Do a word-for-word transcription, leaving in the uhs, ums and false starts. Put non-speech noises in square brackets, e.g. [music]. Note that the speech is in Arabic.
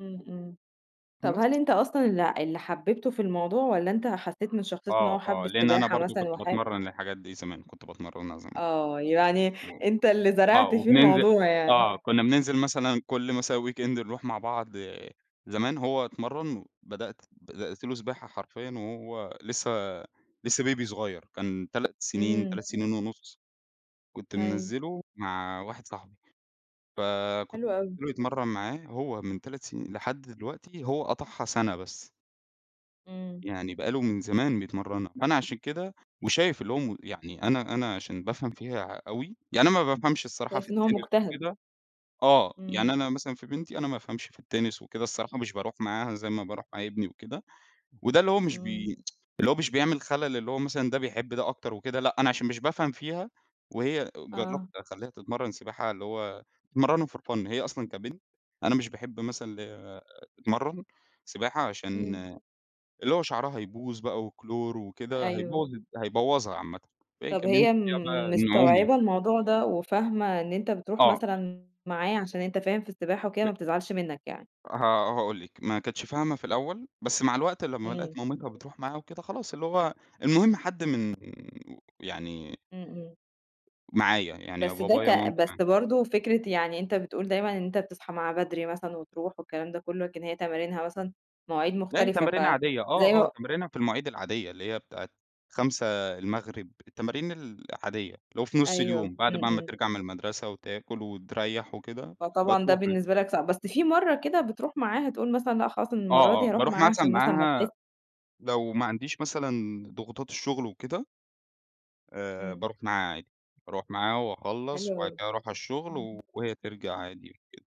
إمم، إمم، طَب هل بس. أنت أصلًا اللى اللي حبّبته في الموضوع والّا أنت حسّيت من شخصيتة إن هو آه، حَب آه لإن أنا السباحة برضه مثلًا كنت وحاب باتمرّن للحاجات دي زمان، كنت باتمرّنها زمان، آه يعني و أنت اللي آه زرعت فيه وبننزل الموضوع يعني. آه كنّا بننزل مثلًا كل مثلًا weekend نروح مع بعض زمان هو اتمرّن، بدأت بدأت له سباحة حرفيًا وهو لسه لسه baby صغيّر كان تلات سنين، إمم. تلات سنين ونص، كنت أيوه. منزّله مع واحد صاحبي، فكنت حلو أوي. [unintelligible] يتمرّن معاه هو من تلات سنين لحد دلوقتي هو قطعها سَنة بس. إمم. يعني بقى له من زمان بيتمرّنها، فأنا عشان كده وشايف اللي هو م يعني أنا أنا عشان بافهم فيها ع أوي، يعني أنا ما بافهمش الصراحة في شايف إن هو التِنِس مجتهد. وكده آه يعني إمم. أنا مثلًا في بنتي أنا ما بافهمش في التِنِس وكده الصراحة مش باروح معاها زي ما باروح مع ابني وكده، وده اللي هو مش إمم. بي [tsk] اللي هو مش بيعمل خلل اللي هو مثلًا ده بيحب ده أكتر وكده، لأ أنا عشان مش بافهم فيها وهي جرّبت آه. أخلّيها تتمرّن سباحة اللي هو تتمرّنها for fun هي أصلًا كبنت أنا مش باحب مثلًا ال تتمرّن سباحة عشان إمم. اللي هو شعرها هيبوظ بقى وكلور وكده أيوه هيبوّظ الد هيبوّظها عامةً، فهي طَب كمان هي م [unintelligible] النعومة. مستوعبة الموضوع ده وفاهمة إن أنت بتروح آه. مثلًا معايا عشان أنت فاهم في السباحة وكده ب ما بتزعلش منّك يعني؟ ه هاقول لِك، ما كانتش فاهمة في الأول، بس مع الوقت لمّا لقت إمم. مامتها بتروح معاها وكده خلاص، اللي هو المهم حد من و يعني إمم، إمم. معايا يعني يا بس ده بابايا يا ك مامتي بس معايا. برضه فكرة يعني أنت بتقول دايمًا إن أنت بتصحى معاه بدري مثلًا وتروح والكلام ده كلّه، لكن هي تمارينها مثلًا مواعيد لأ هي مختلفة تمارينها ف عادية زي آه، آه م تمارينها في المواعيد العادية اللي هي بتاعة خمسة المغرب التمارين العادية، اللي هو في نُص أيوه، اليوم، بعد إمم، بقى ما إمم. ترجع من المدرسة وتاكل وتريّح وكده فطبعًا ده بتروح عادي. بالنسبة لك صعب، بس في مرّة كده بتروح معاها تقول مثلًا لأ خلاص أنا آه، المرّة دي آه هاروح باروح معاها مثلًا عشان مثلًا ما تحس معاها لو ما عنديش مثلًا ضغوطات الشغل وكده، آآ، إمم. باروح معاها عادي، باروح معاها وأخلّص، حلو وبعد أوي. كده أروح على امم. الشغل وهي ترجع عادي وكده.